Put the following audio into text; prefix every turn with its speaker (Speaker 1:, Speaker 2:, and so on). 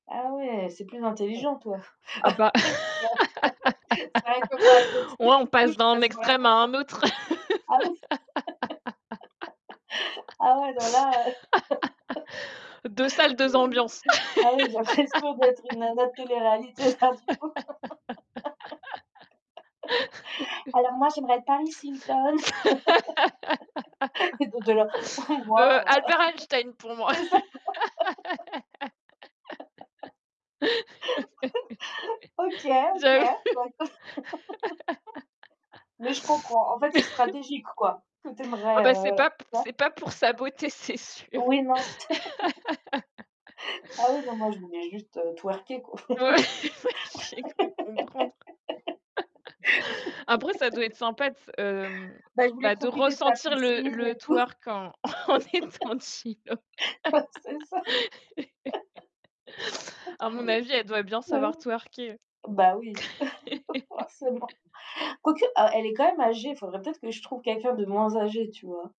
Speaker 1: Ah ouais, c'est plus
Speaker 2: On
Speaker 1: intelligent toi.
Speaker 2: ah bah,
Speaker 1: [unintelligible] C'est vrai que moi, à côté
Speaker 2: ouais, on
Speaker 1: du coup
Speaker 2: passe
Speaker 1: je
Speaker 2: d'un
Speaker 1: passe
Speaker 2: extrême
Speaker 1: vraiment
Speaker 2: à un autre.
Speaker 1: ah oui! Ah ouais non, là, heu,
Speaker 2: Deux salles, deux ambiances.
Speaker 1: ah, ouais, j'ai l'impression d'être une nana de téléréalité là du coup. Alors moi j'aimerais être Paris Hilton. Et toi tu es la: «Mmh
Speaker 2: Heu,
Speaker 1: waouh».
Speaker 2: Albert Einstein pour moi.
Speaker 1: C'est ça! OK, OK,
Speaker 2: J'avoue.
Speaker 1: d'accord. Mais je comprends, en fait c'est stratégique, quoi, ce que tu
Speaker 2: Ah
Speaker 1: aimerais,
Speaker 2: bah c'est
Speaker 1: heu,
Speaker 2: pas p
Speaker 1: c'est ça?
Speaker 2: c'est pas pour sa beauté, c'est sûr.
Speaker 1: Oui, non. Ah oui, non, moi je voulais juste, heu, twerker, quoi.
Speaker 2: Ouais, J'ai cru comprendre. Après, ça doit être sympa de s hem,
Speaker 1: Bah, je voulais
Speaker 2: bah de
Speaker 1: profiter de ta
Speaker 2: ressentir le
Speaker 1: piscine
Speaker 2: le
Speaker 1: et tout.
Speaker 2: twerk en en étant chill, ouais.
Speaker 1: Ouais, c'est ça!
Speaker 2: À mon avis, elle doit bien
Speaker 1: Bah ouais.
Speaker 2: savoir twerker.
Speaker 1: Bah oui, forcément. Quoique, heu, elle est quand même âgée, faudrait peut-être que je trouve quelqu'un de moins âgé, tu vois?